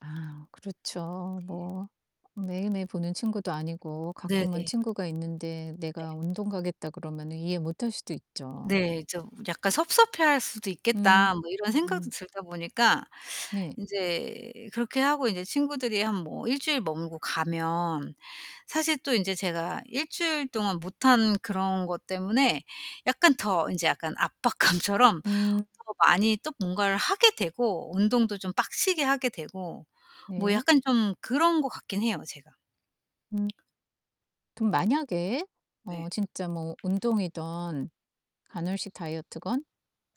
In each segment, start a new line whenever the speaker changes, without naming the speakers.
아 그렇죠
예
뭐. 매일매일 보는 친구도 아니고
네네.
가끔은 친구가 있는데
네.
내가 "운동 가겠다." 그러면은 이해 못할 수도 있죠.
네 좀 '약간 섭섭해 할 수도 있겠다.' 뭐 이런 생각도
으음.
들다 보니까
네.
인제 그렇게 하고 인제 친구들이 한 뭐 1 주일 머물고 가면 사실 또 인제 제가 1 주일 동안 못한 그런 것 때문에 약간 더 이제 약간 압박감처럼
음.
더 많이 또 뭔가를 하게 되고 운동도 좀 빡세게 하게 되고 뭐
네.
약간 좀 그런 것 같기는 해요 제가.
음. 그럼 만약에 어
네.
진짜 뭐 운동이든 간헐식 다이어트건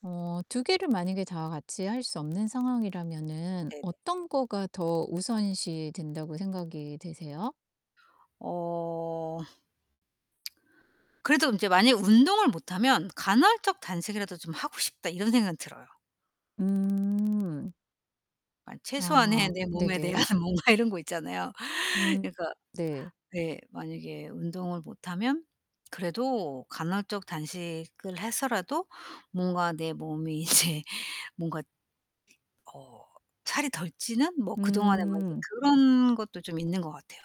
어 2 개를 만약에 다 같이 할 수 없는 상황이라면은
네네.
어떤 거가 더 우선시 된다고 생각이 되세요?
어. 그래도 인제 만약에 운동을 못 하면 '간헐적 단식이라도 좀 하고 싶다.' 이런 생각은 들어요.
음.
만 최소한의
아
내 몸에 대한
네네.
뭔가 이런 거 있잖아요.
음
그러니까
네.
네. 만약에 운동을 못 하면 그래도 간헐적 단식을 해서라도 뭔가 내 몸이 이제 뭔가 어 살이 덜 찌는 뭐 그동안에 막 이게
음.
그런 것도 좀 있는 것 같아요.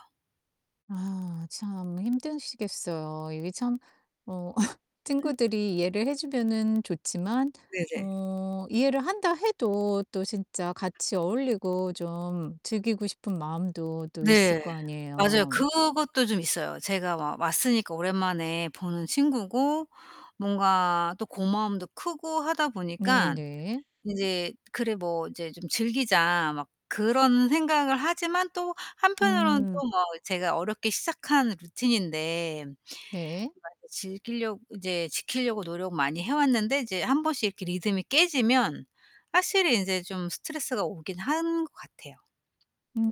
아 참 힘드시겠어요. 이게 참 어 친구들이 이해를 해 주면은 좋지만
네네.
어 이해를 한다 해도 또 진짜 같이 어울리고 좀 즐기고 싶은 마음도 또 있을
네.
거
맞아요.
아니에요.
그것도 좀 있어요. 제가 막 왔으니까 오랜만에 보는 친구고 뭔가 또 고마움도 크고 하다 보니까
네네.
인제 '그래 뭐 이제 좀 즐기자.' 막 그런 생각을 하지만 또 한편으로는
음.
또 뭐 제가 어렵게 시작한 루틴인데 막
네.
이렇게 즐기려 이제 지키려고 노력 많이 해 왔는데 이제 한번씩 이렇게 리듬이 깨지면 확실히 인제 좀 스트레스가 오기는 한 것 같아요.
음.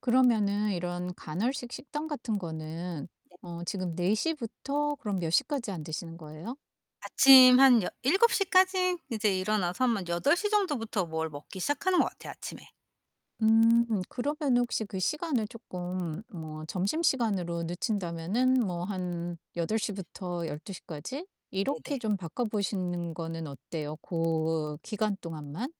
그러면은 이런 간헐식 식단 같은 거는
네.
어 지금 4 시부터 그럼 몇 시까지 안 드시는 거예요?
아침 한 여 7 시까지 이제 일어나서 아마 8 시 정도부터 뭘 먹기 시작하는 것 같아요 아침에.
음 그러면은 혹시 그 시간을 쪼끔 뭐 점심시간으로 늦춘다면은 뭐 한 8 시부터 12 시까지 이렇게
네네.
좀 바꿔 보시는 거는 어때요 고 기간 동안만?